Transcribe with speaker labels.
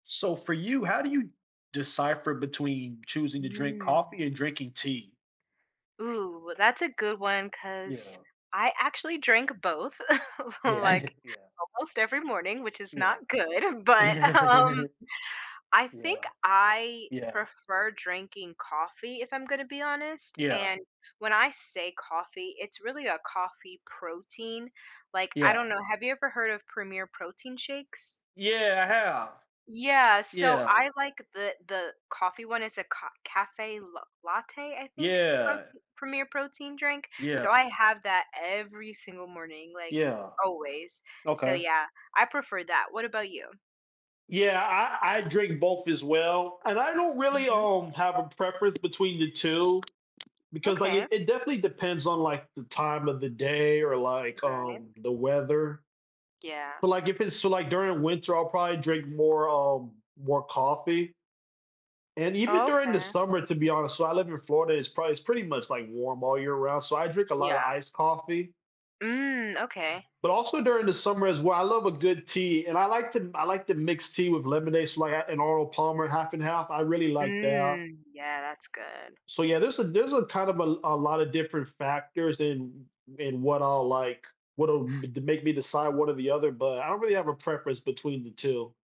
Speaker 1: So, for you, how do you decipher between choosing to drink
Speaker 2: Mm.
Speaker 1: coffee and drinking tea?
Speaker 2: Ooh, that's a good one 'cause
Speaker 1: Yeah.
Speaker 2: I actually drink both,
Speaker 1: Yeah.
Speaker 2: like,
Speaker 1: Yeah.
Speaker 2: almost every morning, which is
Speaker 1: Yeah.
Speaker 2: not good, but, um, I
Speaker 1: Yeah.
Speaker 2: think I
Speaker 1: Yeah.
Speaker 2: prefer drinking coffee if I'm gonna be honest,
Speaker 1: Yeah.
Speaker 2: and when I say coffee, it's really a coffee protein. Like, I
Speaker 1: Yeah.
Speaker 2: don't know, have you ever heard of Premier Protein shakes?
Speaker 1: Yeah, I have.
Speaker 2: Yeah, so
Speaker 1: Yeah.
Speaker 2: I like the the coffee one. It's a co café l latte, I think,
Speaker 1: Yeah.
Speaker 2: prote Premier Protein drink, so
Speaker 1: Yeah.
Speaker 2: I have that every single morning, like,
Speaker 1: Yeah.
Speaker 2: always, so,
Speaker 1: Okay.
Speaker 2: yeah, I prefer that. What about you?
Speaker 1: Yeah, I I drink both as well, and I don't really,
Speaker 2: Mhm.
Speaker 1: um, have a preference between the 2 because, like,
Speaker 2: Okay.
Speaker 1: it it definitely depends on, like, the time of the day or,
Speaker 2: R
Speaker 1: like,
Speaker 2: right.
Speaker 1: um, the weather,
Speaker 2: Yeah.
Speaker 1: but, like, if it's still, like, during winter, I'll probably drink more, um, more coffee and even
Speaker 2: Oh,
Speaker 1: during the
Speaker 2: okay.
Speaker 1: summer, to be honest, so I live in Florida, it's probably it's pretty much, like, warm all year round, so I drink a lotta
Speaker 2: Yeah.
Speaker 1: iced coffee
Speaker 2: Mm, okay.
Speaker 1: but also during the summer as well, I love a good tea and I like to m I like to mix tea with lemonade, so, like, I an Arnold Palmer half and half, I really like that.
Speaker 2: Mm. Yeah, that's good.
Speaker 1: So yeah, there's a there's a kind of a a lotta different factors in w w in what I'll like. What'll d b make me decide one or the other, but I don't really have a preference between the 2.